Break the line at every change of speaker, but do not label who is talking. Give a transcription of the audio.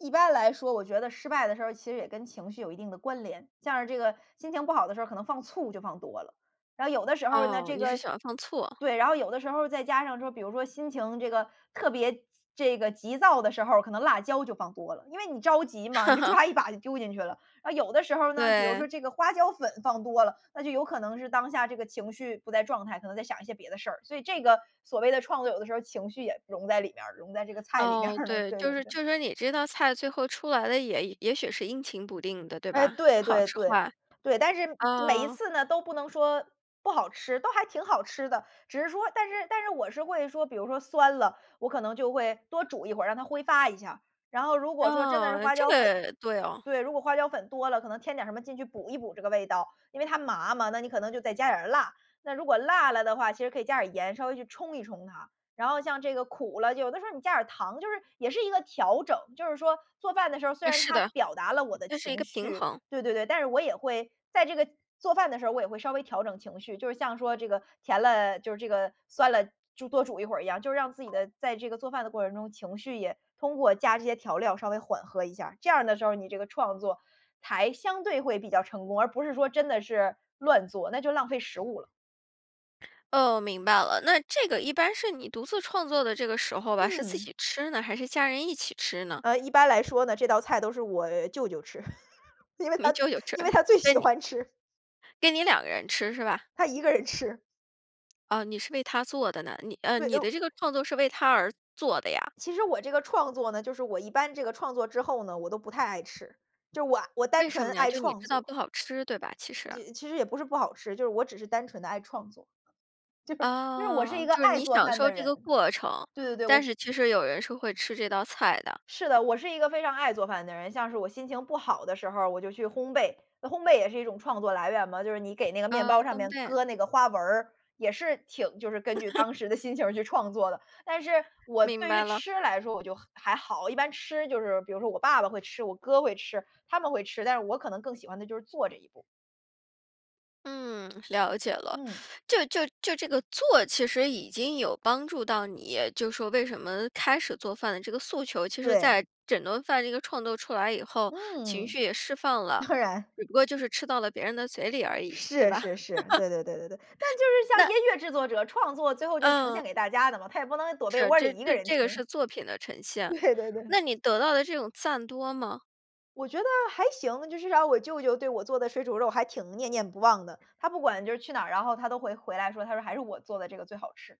一般来说我觉得失败的时候其实也跟情绪有一定的关联。像是这个心情不好的时候可能放醋就放多了。然后有的时候呢
哦，
这
你是
个
喜欢放醋。
对，然后有的时候再加上说比如说心情这个特别这个急躁的时候可能辣椒就放多了。因为你着急嘛，你就 抓一把就丢进去了。呃，有的时候呢，比如说
对。
这个花椒粉放多了，那就有可能是当下这个情绪不在状态，可能在想一些别的事儿。所以这个，所谓的创作有的时候情绪也融在里面儿融在这个菜里面
哦，
儿了，
对，
对
就
对
是
对。
就是你这道菜最后出来的也也许是阴晴不定的，对
哎，
吧？时
对
好
对
时
对。
坏。
对，但是每一
嗯。
次呢都不能说不好吃，都还挺好吃的。只是说但是但是我是会说比如说酸了，我可能就会多煮一会儿，让它挥发一下。然后如果说真的是
啊，
花
这
椒粉
个，对哦。
对，如果花椒粉多了，可能添点儿什么进去补一补这个味道。因为它麻嘛，那你可能就再加点儿辣，那如果辣了的话其实可以加点儿盐稍微去冲一冲它。然后像这个苦了，有的时候你加点儿糖就是也是一个调整。就是说，做饭的时候虽
嗯，
然
是
它
的，
表达了我的
那是一
情
个平
绪
衡。
对对对，但是我也会在这个做饭的时候我也会稍微调整情绪。就是像说这个甜了就是这个，酸了煮多煮一会儿一样。就是让自己的在这个做饭的过程中情绪也通过加这些调料稍微缓和一下。这样的时候你这个创作，才相对会比较成功，而不是说真的是乱做，那就浪费食物了。
哦，明白了。那这个一般是你独自创作的这个时候吧，是自
嗯。
己吃呢？还是家人一起吃呢？
呃，一般来说呢，这道菜都是我舅舅吃。因为
你
他
舅舅吃，
因为他最
所
喜
以你
欢吃。
给你两个人吃，是吧？
他一个人吃。
哦，你是为他做的呢，你呃，
对，哎
你
呦
的这个创作是为他而做的呀？
其实我这个创作呢就是我一般这个创作之后呢我都不太爱吃。就我我单
为什
纯
么呀？
爱
就你
创
知道
作。
不好吃，对吧其实？
其其实也不是不好吃，就是我只是单纯地爱创作。就是，因为我是
啊，
一个
就是
爱
你
做
享
饭
受
的
这
人，
个过程，
对对对，我
但是
是
其实有人是会吃这道菜的。
是的，我是一个非常爱做饭的人。像是我心情不好的时候我就去烘焙，那烘焙也是一种创作来源嘛，就是你给那个面
啊，
包上
烘
面
焙。
搁那个花纹儿，也是挺就是根据 当时的心情去创作的。但是，我
明
对于
白了。
吃来说我就还好，我一般吃就是比如说我爸爸会吃，我哥会吃，他们会吃，但是我可能更喜欢的就是做这一步。
嗯，了解了。
嗯。
就就就这个做其实已经有帮助到你，就说为什么开始做饭的这个诉求其实
对。
在整顿饭这个创作出来以后，情
嗯。
绪也释放了，
当然。
只不过就是吃到了别人的嘴里而已，对
是
吧？
是是，对 对对对对。那就是像
那
音乐制作者，创作最后就呈
嗯。
现给大家的嘛，他也不能躲被
是，
窝
这
里一个
这
人
这个
听。
是作品的呈现。
对对对。
那你得到的这种赞多吗？
我觉得还行，至少我舅舅对我做的水煮肉还挺念念不忘的。他不管就是去哪儿，然后他都会回来说他说还是我做的这个最好吃。